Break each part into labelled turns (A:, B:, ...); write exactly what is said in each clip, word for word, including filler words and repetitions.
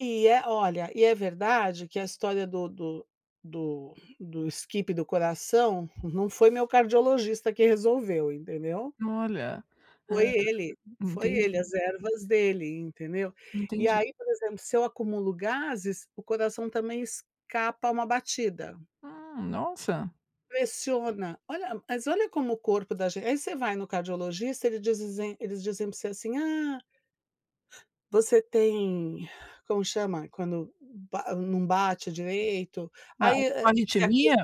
A: E é olha, e é verdade que a história do do do do skip do coração não foi o meu cardiologista que resolveu, entendeu.
B: Olha. Hã.
A: Foi ele, foi ele,
B: Entendi.
A: as ervas dele, entendeu. E
B: Entendi.
A: aí, por exemplo, se eu acumulo gases, o coração também escapa uma batida.
B: Ah, nossa.
A: Pressiona. Olha mas olha como o corpo da gente aí você vai no cardiologista, eles dizizem eles dizem pra você assim: "Ah, você tem", como chama? Quando ba não bate direito,
B: Ah, é
A: aí,
B: tipo
A: eh, você acos
B: arritmia?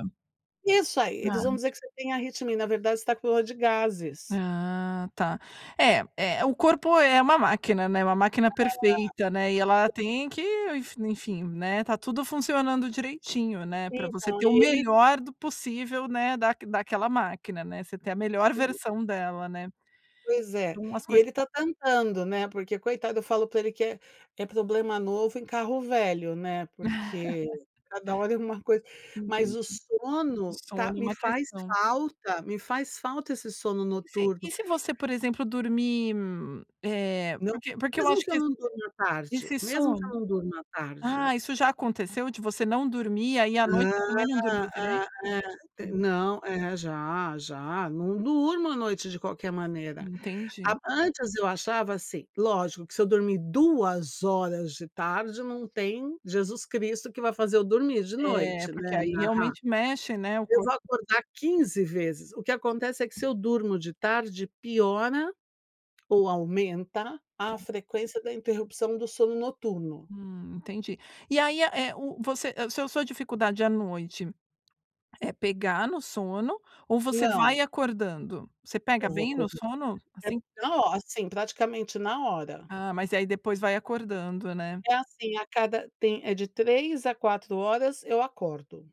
A: isso aí, eles vão
B: Arrit
A: dizer que você tem arritmia, e na verdade você está com dor de gases.
B: Ah tá. É é é, o corpo é uma máquina, né, uma máquina perfeita, né, e
A: É.
B: ela tem que, enf enfim, né, está tudo funcionando direitinho, né, pra você
A: Então,
B: ter
A: e
B: o
A: ele
B: melhor do possível, né, da daquela máquina, né. Você ter a melhor
A: E
B: versão dela, né.
A: Pois é.
B: Então as
A: E
B: coisas
A: ele está tentando, né, porque, coitado, eu falo pra ele que é é problema novo em carro velho, né, porque cada hora é uma coisa. Mas o
B: Entendi. O
A: sono tá
B: sono é
A: me
B: uma
A: faz
B: questão.
A: falta me faz falta esse sono
B: E se
A: noturno.
B: e se você, por exemplo, dormir, eh,
A: Não.
B: porque porque eu
A: Mesmo
B: acho
A: que
B: que
A: eu
B: esse
A: não durmo à tarde,
B: esse
A: mesmo que eu
B: sono
A: não durmo à tarde.
B: ah, isso já aconteceu, de você não dormir, aí à noite
A: Hã,
B: você também não
A: hã,
B: dormiu direito?
A: hã, é,
B: Hum.
A: não é, já, já, não durmo à noite de qualquer maneira.
B: Entendi.
A: Ap antes eu achava assim lógico que se eu dormir duas horas de tarde, não tem Jesus Cristo que vai fazer eu dormir de
B: É,
A: noite,
B: porque
A: né,
B: aí
A: narra.
B: realmente mexe, né. O
A: Eu vou
B: corpo
A: acordar quinze vezes. O que acontece é que se eu durmo de tarde, piora ou aumenta a
B: Tá.
A: frequência da interrupção do sono noturno.
B: Hum, entendi. E aí a é é o você, hã, sua sua dificuldade à noite é pegar no sono ou você
A: Não.
B: vai acordando? Você pega
A: Eu vou
B: bem no
A: acordar.
B: sono, assim?
A: Então ó, assim, praticamente na hora.
B: Ah, mas e aí depois vai acordando, né.
A: É assim, a cada tem é de três a quatro horas, eu acordo.